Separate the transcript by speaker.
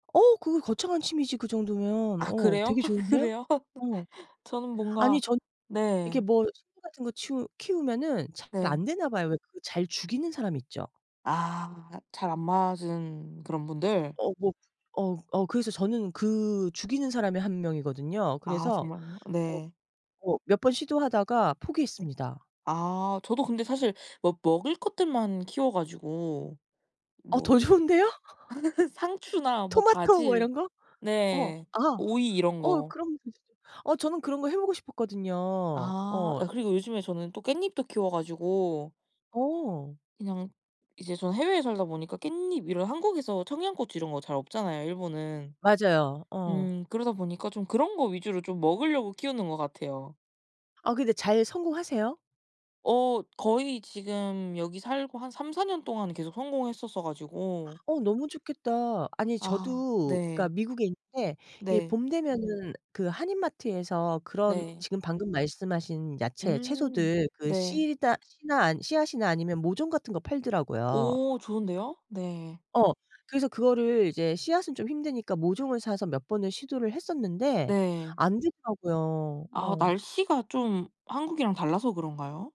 Speaker 1: 어 그거 거창한 취미지 그 정도면.
Speaker 2: 아
Speaker 1: 어
Speaker 2: 그래요?
Speaker 1: 되게 좋은데요?
Speaker 2: 그래요?
Speaker 1: 어.
Speaker 2: 저는
Speaker 1: 아니
Speaker 2: 뭔가
Speaker 1: 저는 이렇게
Speaker 2: 네.
Speaker 1: 뭐 식물 같은 거 치우 키우면은 잘
Speaker 2: 네.
Speaker 1: 안 되나 봐요. 왜 그 잘 죽이는 사람 있죠.
Speaker 2: 아 잘 안 맞은 그런 분들.
Speaker 1: 어 뭐 어 어 그래서 저는 그 죽이는 사람의 1 명이거든요.
Speaker 2: 아
Speaker 1: 그래서
Speaker 2: 정말요?
Speaker 1: 어
Speaker 2: 네.
Speaker 1: 어 몇 번 시도하다가
Speaker 2: 네
Speaker 1: 포기했습니다.
Speaker 2: 아 저도 근데 사실 뭐 먹을 것들만 키워 가지고.
Speaker 1: 어
Speaker 2: 뭐
Speaker 1: 더 좋은데요?
Speaker 2: 상추나 뭐
Speaker 1: 토마토 뭐
Speaker 2: 바질
Speaker 1: 이런 거? 어
Speaker 2: 네
Speaker 1: 아.
Speaker 2: 오이 이런
Speaker 1: 어
Speaker 2: 거.
Speaker 1: 그러면 더 좋죠. 어 저는 그런 거 해 보고 싶었거든요.
Speaker 2: 아
Speaker 1: 어.
Speaker 2: 아 그리고 요즘에 저는 또 깻잎도 키워 가지고
Speaker 1: 어.
Speaker 2: 그냥 이제 저는 해외에 살다 보니까 깻잎 이런 한국에서 청양고추 이런 거 잘 없잖아요 일본은.
Speaker 1: 맞아요. 어.
Speaker 2: 음 그러다 보니까 좀 그런 거 위주로 좀 먹으려고 키우는 것 같아요.
Speaker 1: 아 근데 잘 성공하세요?
Speaker 2: 어 거의 지금 여기 살고 한 3-4 년 동안은 계속 성공했었어 가지고
Speaker 1: 어 너무 좋겠다. 아니
Speaker 2: 아
Speaker 1: 저도 그러니까
Speaker 2: 네.
Speaker 1: 미국에 있는데 이
Speaker 2: 네.
Speaker 1: 봄 되면은 그 한인마트에서 그런
Speaker 2: 네.
Speaker 1: 지금 방금 말씀하신 야채
Speaker 2: 음
Speaker 1: 채소들 그
Speaker 2: 네.
Speaker 1: 씨다 씨나 아 씨앗이나 아니면 모종 같은 거 팔더라고요.
Speaker 2: 오 좋은데요? 네.
Speaker 1: 어. 그래서 그거를 이제 씨앗은 좀 힘드니까 모종을 사서 몇 번을 시도를 했었는데
Speaker 2: 네.
Speaker 1: 안 되더라고요.
Speaker 2: 아
Speaker 1: 어.
Speaker 2: 날씨가 좀 한국이랑 달라서 그런가요?